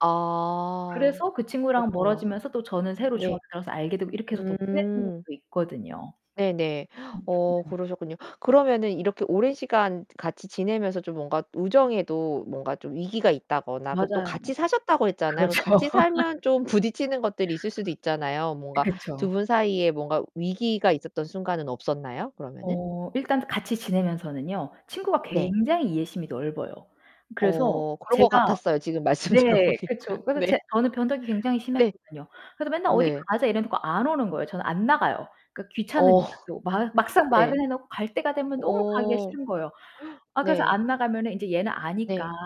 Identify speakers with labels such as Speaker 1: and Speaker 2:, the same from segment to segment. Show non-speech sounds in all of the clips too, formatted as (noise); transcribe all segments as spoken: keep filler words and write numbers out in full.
Speaker 1: 아.
Speaker 2: 그래서 그 친구랑
Speaker 1: 그렇군요.
Speaker 2: 멀어지면서 또 저는 새로
Speaker 1: 네.
Speaker 2: 중학교 들어와서 알게 되고 이렇게 해서 더 친해진
Speaker 1: 응.
Speaker 2: 친구도 있거든요.
Speaker 1: 네네. (gasps) 어 그러셨군요. 그러면 이렇게 오랜 시간 같이 지내면서 좀 뭔가 우정에도 뭔가 좀 위기가 있다거나 그리고 또
Speaker 2: 맞아요.
Speaker 1: 같이 사셨다고 했잖아요.
Speaker 2: 그렇죠.
Speaker 1: 같이 살면
Speaker 2: (laughs)
Speaker 1: 좀 부딪히는 것들이 있을 수도 있잖아요. 뭔가 두
Speaker 2: 그쵸.
Speaker 1: 분 사이에 뭔가 위기가 있었던 순간은 없었나요? 그러면은?
Speaker 2: 어. 일단 같이 지내면서는요. 친구가
Speaker 1: 네.
Speaker 2: 굉장히 이해심이 넓어요. 그래서
Speaker 1: 어, 그런 것
Speaker 2: 제가
Speaker 1: 같았어요. 지금 말씀
Speaker 2: 네
Speaker 1: 들어보니까.
Speaker 2: 그쵸. 그래서
Speaker 1: 네.
Speaker 2: 제 저는 변덕이 굉장히
Speaker 1: (laughs) 네.
Speaker 2: 심했거든요. 그래서 맨날 "어디
Speaker 1: 네.
Speaker 2: 가자." 이래 놓고 안 오는 거예요. 저는 안 나가요. 그니까
Speaker 1: 어.
Speaker 2: 귀찮으니까 또. 마
Speaker 1: (laughs)
Speaker 2: 막상 말을
Speaker 1: 네.
Speaker 2: 해 놓고 갈 때가 되면 너무 가기가
Speaker 1: 어.
Speaker 2: 싫은 거예요.
Speaker 1: (gasps)
Speaker 2: 아 그래서
Speaker 1: 네.
Speaker 2: 안 나가면은 이제 얘는 아니까
Speaker 1: 네.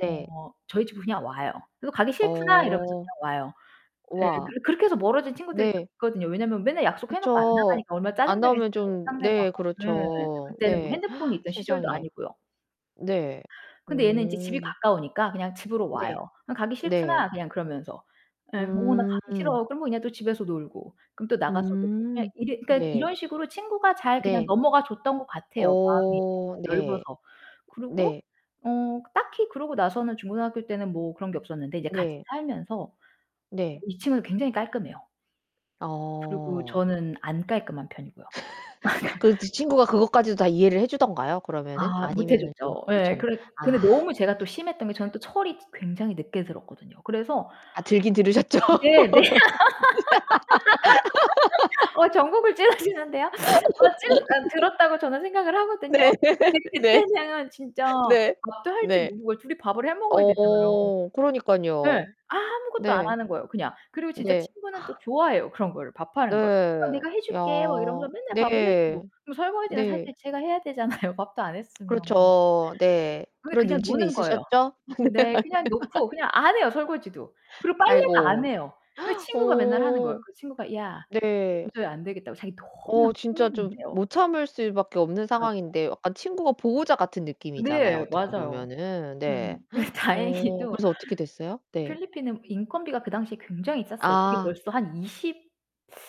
Speaker 1: 네.
Speaker 2: 어 저희 집으로 그냥 와요. "너 가기 싫구나." 이러면서
Speaker 1: 어.
Speaker 2: 그냥 와요. 예
Speaker 1: 우와.
Speaker 2: 그 그렇게 해서 멀어진 친구들이 좀
Speaker 1: 네.
Speaker 2: 있거든요. 왜냐면 맨날 약속해 놓고 안
Speaker 1: 그쵸.
Speaker 2: 나가니까 얼마나 짜증
Speaker 1: 안 나오면
Speaker 2: 나겠어요,
Speaker 1: 좀 네
Speaker 2: 상대방은. 네.
Speaker 1: 그렇죠.
Speaker 2: 그때는 뭐
Speaker 1: 네.
Speaker 2: 핸드폰이
Speaker 1: (gasps)
Speaker 2: 있던 시절도
Speaker 1: 세상에.
Speaker 2: 아니고요.
Speaker 1: 네.
Speaker 2: 근데 얘는 이제 집이
Speaker 1: 어.
Speaker 2: 가까우니까 그냥 집으로
Speaker 1: 네.
Speaker 2: 와요. 그냥 "가기
Speaker 1: 네.
Speaker 2: 싫구나." 그냥 그러면서. 예 "어, 나 가기
Speaker 1: 음.
Speaker 2: 싫어." 그러면 그냥 또 집에서 놀고, 그럼 또 나가서 놀고. 그냥
Speaker 1: 음.
Speaker 2: 이 그니까
Speaker 1: 네.
Speaker 2: 이런 식으로 친구가 잘 그냥
Speaker 1: 네.
Speaker 2: 넘어가 줬던 것 같아요, 마음이 예
Speaker 1: 어 네.
Speaker 2: 넓어서. 그리고
Speaker 1: 네.
Speaker 2: 어 딱히 그러고 나서는 중고등학교 때는 뭐 그런 게 없었는데 이제 같이
Speaker 1: 네.
Speaker 2: 살면서 어
Speaker 1: 네.
Speaker 2: 이 친구는 굉장히 깔끔해요. 그리고
Speaker 1: 어.
Speaker 2: 저는 안 깔끔한 편이고요.
Speaker 1: (laughs) 그 그
Speaker 2: (laughs)
Speaker 1: 친구가 그것까지도 다 이해를 해주던가요? 그러면은?
Speaker 2: 아 못해
Speaker 1: 아니면은 좀
Speaker 2: 줬죠. 예.
Speaker 1: 부딪쳤
Speaker 2: 그래 근데
Speaker 1: 아.
Speaker 2: 너무 제가 또 심했던 게 저는 또 철이 굉장히 늦게 들었거든요. 그래서
Speaker 1: 아 들긴 들으셨죠?
Speaker 2: 네네. (laughs) 어 정곡을 찌르시는데요? 어 찌르 어
Speaker 1: (laughs) (laughs) (laughs)
Speaker 2: 들었다고 저는 생각을 하거든요.
Speaker 1: 네.
Speaker 2: 근데
Speaker 1: (laughs) 네.
Speaker 2: 그때는 진짜
Speaker 1: 네.
Speaker 2: 밥도 할 줄
Speaker 1: 네.
Speaker 2: 모르고 둘이 밥을 해 먹어야 되잖아요.
Speaker 1: 어
Speaker 2: 네.
Speaker 1: 그러니깐요.
Speaker 2: 아무것도 안
Speaker 1: 네.
Speaker 2: 하는 거예요, 그냥. 그리고 진짜
Speaker 1: 네.
Speaker 2: 친구는 또
Speaker 1: (gasps)
Speaker 2: 좋아해요, 그런 거를 밥하는 걸. "어,
Speaker 1: 네.
Speaker 2: 내가 해
Speaker 1: 야
Speaker 2: 줄게." 막 이러면서 맨날 밥을 해주고.
Speaker 1: 네.
Speaker 2: 그럼 설거지는 사실
Speaker 1: 네.
Speaker 2: 제가 해야 되잖아요, 밥도 안 했으면.
Speaker 1: 그렇죠. 네.
Speaker 2: 그게
Speaker 1: 그런
Speaker 2: 그냥
Speaker 1: 눈치는
Speaker 2: 노는 거예요.
Speaker 1: 있으셨죠?
Speaker 2: 네. 그냥 놓고
Speaker 1: (laughs)
Speaker 2: 그냥 안 해요, 설거지도. 그리고 빨래도 안
Speaker 1: 아이고
Speaker 2: 해요. 그
Speaker 1: (gasps)
Speaker 2: 친구가 맨날 하는 거예요.
Speaker 1: 어.
Speaker 2: 그 친구가 "야,
Speaker 1: 네.
Speaker 2: 도저히 안 되겠다." 고 자기 너무나
Speaker 1: 어. 진짜
Speaker 2: (unintelligible)
Speaker 1: 좀
Speaker 2: 대요.
Speaker 1: 못 참을 수 밖에 없는
Speaker 2: 그렇죠.
Speaker 1: 상황인데 약간 친구가 보호자 같은 느낌이잖아요,
Speaker 2: 네
Speaker 1: 어떻게
Speaker 2: 맞아요.
Speaker 1: 보면은. 네.
Speaker 2: 예.
Speaker 1: (gasps) 어
Speaker 2: 다행히도
Speaker 1: 그래서 어떻게 됐어요? 네.
Speaker 2: 필리핀은 인건비가 그 당시에 굉장히 쌌어요. 그게
Speaker 1: 아.
Speaker 2: 벌써 한 이십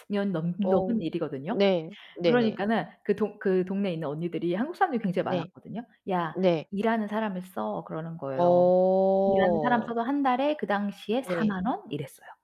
Speaker 2: 년 넘
Speaker 1: 어
Speaker 2: 넘은 일이거든요.
Speaker 1: 네. 네네.
Speaker 2: 그러니까는 그 동 그 동네에 있는 언니들이 한국 사람들이 굉장히
Speaker 1: 네.
Speaker 2: 많았거든요. "야,
Speaker 1: 네.
Speaker 2: 일하는 사람을 써." 그러는 거예요. 일하는 사람을
Speaker 1: 어.
Speaker 2: 써도 한 달에 그 당시에
Speaker 1: 네.
Speaker 2: 사만 원? 이랬어요.